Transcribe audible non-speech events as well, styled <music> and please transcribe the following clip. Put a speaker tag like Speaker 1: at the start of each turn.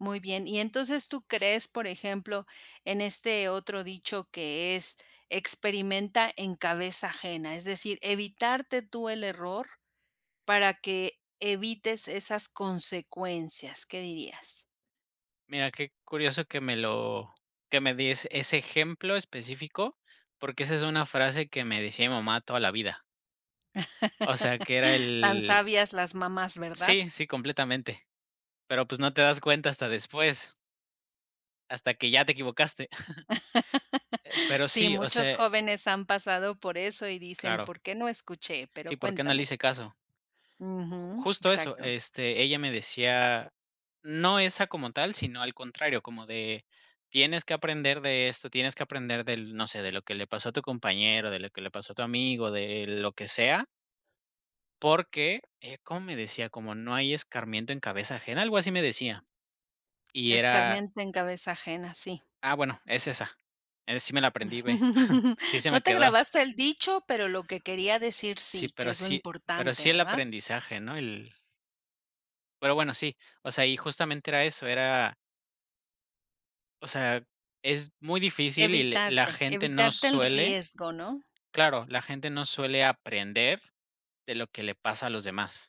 Speaker 1: Muy bien. Y entonces, ¿tú crees, por ejemplo, en este otro dicho que es: "Experimenta en cabeza ajena"? Es decir, evitarte tú el error, para que evites esas consecuencias, ¿qué dirías?
Speaker 2: Mira, qué curioso que me lo que me des ese ejemplo específico, porque esa es una frase que me decía mi mamá, toda la vida. O sea, que era
Speaker 1: <laughs> Tan
Speaker 2: el
Speaker 1: sabias las mamás, ¿verdad?
Speaker 2: Sí, sí, completamente. Pero pues, no te das cuenta hasta después. Hasta que ya te equivocaste.
Speaker 1: <laughs>
Speaker 2: <chuckles> Eh, pero
Speaker 1: Sí,
Speaker 2: sí, o
Speaker 1: muchos
Speaker 2: se
Speaker 1: jóvenes han pasado por eso y dicen:
Speaker 2: Claro.
Speaker 1: "¿Por qué no escuché?". Pero
Speaker 2: Sí, ¿por qué no le
Speaker 1: cuéntame.
Speaker 2: hice caso? Ju ju
Speaker 1: Ujú.
Speaker 2: justo eso,
Speaker 1: Exacto.
Speaker 2: este, ella me decía, no esa como tal, sino al contrario, como de: "Tienes que aprender de esto, tienes que aprender del no sé, de lo que le pasó a tu compañero, de lo que le pasó a tu amigo, de lo que sea" "porque", eh, ¿cómo me decía? Como: "No hay escarmiento en cabeza ajena" Algo así me decía. Y era
Speaker 1: Escarmienta en cabeza ajena, sí.
Speaker 2: Ah, bueno, es esa, esa sí me la aprendí, ve, <chuckles>
Speaker 1: <chuckles>
Speaker 2: sí se
Speaker 1: No
Speaker 2: me
Speaker 1: te
Speaker 2: quedó.
Speaker 1: grabaste el dicho, pero lo que quería decir
Speaker 2: Sí,
Speaker 1: sí, que
Speaker 2: pero
Speaker 1: es lo
Speaker 2: sí pero
Speaker 1: importante,
Speaker 2: sí el
Speaker 1: ¿verdad?
Speaker 2: aprendizaje, ¿no?, el Pero bueno, sí, o sea, y justamente era eso, era O sea, es muy difícil y le la
Speaker 1: Evitarte
Speaker 2: gente no
Speaker 1: evitarte el
Speaker 2: suele
Speaker 1: riesgo, ¿no?
Speaker 2: Claro, la gente no suele aprender de lo que le pasa a los demás.